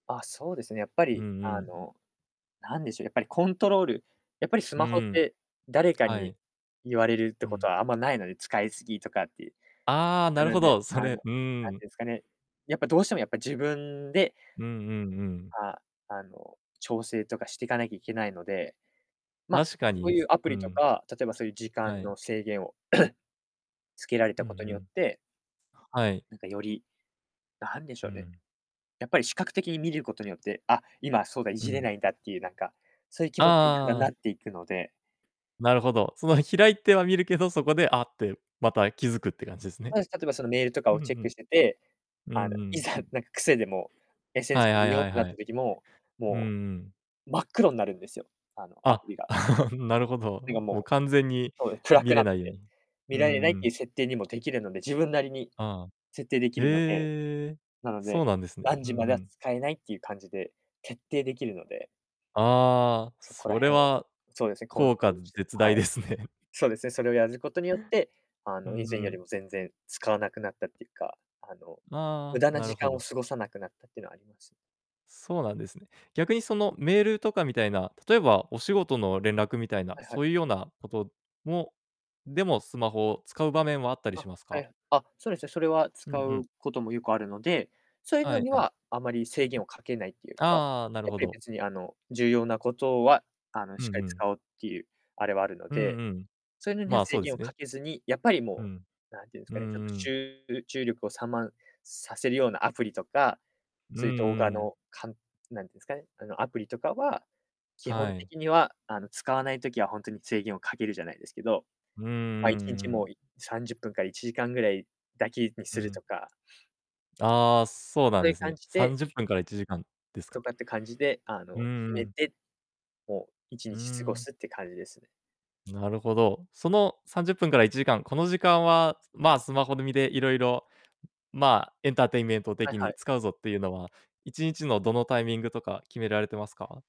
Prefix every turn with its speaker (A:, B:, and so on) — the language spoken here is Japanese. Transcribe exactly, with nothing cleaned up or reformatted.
A: あ、そうですね。やっぱ
B: う
A: り、
B: んう
A: あ
B: ん。
A: の、なんでしょう、やっぱりコントロールやっぱりス
B: う
A: マホっ
B: ーん。
A: て、誰か
B: は
A: に
B: い。
A: 言われるって
B: う
A: こと
B: ん。
A: はあんまないので、使いすぎとかっていう。
B: ああ、
A: な
B: なる
A: の
B: ほ
A: で、
B: ど。そ
A: あの、
B: れうー
A: なん
B: ん。
A: ていうんすかね、やっぱどうしてもやっぱ自分で
B: うんうんうん。
A: あ、あの、調整とかしてかなきゃいけないので、ま、
B: 確か
A: そう
B: に、
A: ゆうアプ
B: う
A: リと
B: ん。
A: か、例えばそゆ時間
B: はい。
A: の制限を、つけられ
B: う
A: た
B: ん、
A: こと
B: ふ
A: によっ
B: ん。
A: て
B: はい。
A: なんか、より、なんでし
B: う
A: ょうね、
B: ん。
A: やっぱり視覚的に見ることによって、あ、今、そうだ、い
B: う
A: じれな
B: ん。
A: いんだってゆう、なんか、そゆ気
B: ああ
A: 持ちにだんだ
B: あ
A: ん
B: ああ
A: な
B: あ。
A: っていくので
B: なるほど。その、開いては見るけど、そこで、あって、また、気付くって感じですね。
A: そうです。例えば、その、メールとか
B: う
A: を
B: んう
A: チェック
B: ん。
A: してて、あ
B: う
A: の、
B: んう
A: い
B: ん。
A: ざ、なんか癖で、もう、
B: は
A: SNS
B: い
A: で
B: はい
A: 見よう
B: は
A: っ
B: い
A: てなっ
B: は
A: た
B: い。
A: 時も、
B: うん
A: も
B: うん。
A: う、真っ黒になるんですよ、あの、ア
B: あ、
A: プリが。
B: なるほ
A: てか、
B: ど。もう、
A: も
B: 完全に
A: う、そう、暗
B: 見
A: くな
B: れ
A: っ
B: ないよう
A: て、
B: に。う
A: 見
B: ん
A: られないっ
B: う
A: てい
B: ん。
A: う設定にもできるので、自分なりに、
B: ああ。
A: 設定できるので、
B: へえ。
A: なの
B: そ
A: で、
B: うなんですね。
A: 何
B: うん
A: 時ま
B: う
A: では
B: ん。
A: 使えないっていう感じで決定できるので。
B: ああ、
A: そこら
B: それ
A: へんは、
B: は
A: そうですね、コント
B: 効
A: ロ
B: 果
A: ールして、
B: 絶
A: は
B: 大
A: い。
B: ですね。
A: そうですね、それをやることによって、あ
B: う
A: の、
B: ん、
A: 以
B: ふ
A: 前より
B: ん。
A: も全然使わなくなったっていうか、あの、無
B: ああ、
A: 駄な
B: なる
A: 時
B: ほ
A: 間を
B: ど。
A: 過ごさなくなったってのはあります。
B: そうなんですね。逆に、その、メールとかみたいな、例えば、お仕事の連絡みたいな、
A: はいは
B: そ
A: い。
B: うゆうようなこともでも、スマホを使う場面はあったりし
A: あ、
B: ます
A: は
B: か？
A: い。あ、そうですね、それは
B: う
A: 使
B: んう
A: う
B: ん。
A: こともよくあるので、そういう
B: は
A: の
B: い
A: に
B: はい。
A: は、あまり制限をかけないっていう
B: あ
A: か、
B: あああ、なる
A: やっ
B: ほ
A: ぱり
B: ど。
A: 別に、あの、重要なことは、あの、
B: う
A: しっか
B: ん
A: り
B: うん。
A: 使おうっていうあれはあるの
B: うん
A: で、
B: うん。
A: そうのには
B: まあ、
A: 制
B: そうで
A: 限
B: す
A: を
B: ね。
A: かけずに、やっぱり
B: う
A: も
B: ん。
A: う、なんていうんす
B: う
A: か
B: ん
A: ね、ちょっと、
B: う
A: し
B: ん。
A: ゅうう注力を散漫させるようなアプリとか、
B: うん
A: そういう動
B: う
A: 画
B: ん。
A: のかんなんてんすかね、あの、アプリとかは、基
B: は
A: 本
B: い。
A: 的には、あの、使わない時はほんとに制限をかける、じゃないですけど、
B: うんう
A: ま、いちん
B: んう
A: ちも
B: ん。
A: う、いさんじゅっぷんからいちじかんぐらいだけに
B: う
A: する
B: ん。
A: とか
B: ああ、そうな
A: そう
B: ん
A: い
B: で
A: う
B: すね。
A: 感じ
B: さん
A: で
B: じゅっぷんからいちじかんですか。
A: とかって感じで、あ
B: う
A: の、決
B: んう
A: め
B: ん。
A: て、もういち
B: う
A: に
B: ー
A: ち過ご
B: ん。
A: すって感じですね。
B: なるほど。その、さんじゅっぷんからいちじかん、この時間は、まあ、スマホで、みでいろいろ、まあ、エンターテインメント
A: はい
B: 的
A: は
B: に
A: い。
B: 使うぞってゆうのは、いちにちのどのタイミングとか、決められてますか？